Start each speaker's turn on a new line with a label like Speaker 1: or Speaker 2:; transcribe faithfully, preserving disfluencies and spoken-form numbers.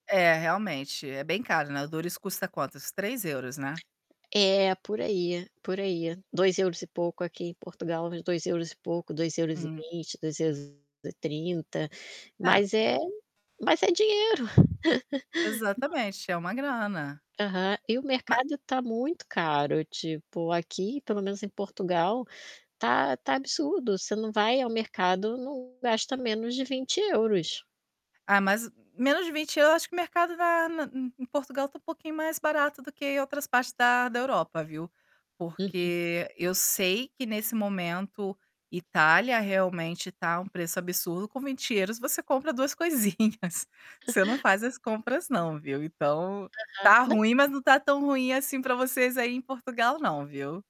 Speaker 1: É, realmente, é bem caro, né, o [unintelligible] custa quanto? Uns três euros, né?
Speaker 2: É, por aí, por aí, dois euros e pouco aqui em Portugal, dois euros e pouco, dois euros e
Speaker 1: Hum.
Speaker 2: vinte, dois euros e trinta
Speaker 1: É.
Speaker 2: mas é mas é dinheiro.
Speaker 1: Exatamente, é uma grana.
Speaker 2: Aham, e o
Speaker 1: Ma
Speaker 2: mercado está muito caro, tipo, aqui, pelo menos em Portugal, está está absurdo, você não vai ao mercado, não gasta menos de vinte euros.
Speaker 1: Ah, mas, menos de vinte euros eu acho que o mercado va na em em Portugal está um pouquinho mais barato do que outras partes da da Europa, viu,
Speaker 2: Uhum.
Speaker 1: porque eu sei que nesse momento Itália realmente está um preço absurdo, com vinte euros você compra duas coisinhas. Você não faz as compras não, viu, então,
Speaker 2: Aham,
Speaker 1: está
Speaker 2: não.
Speaker 1: ruim, mas não está tão ruim assim para vocês aí em Portugal não, viu?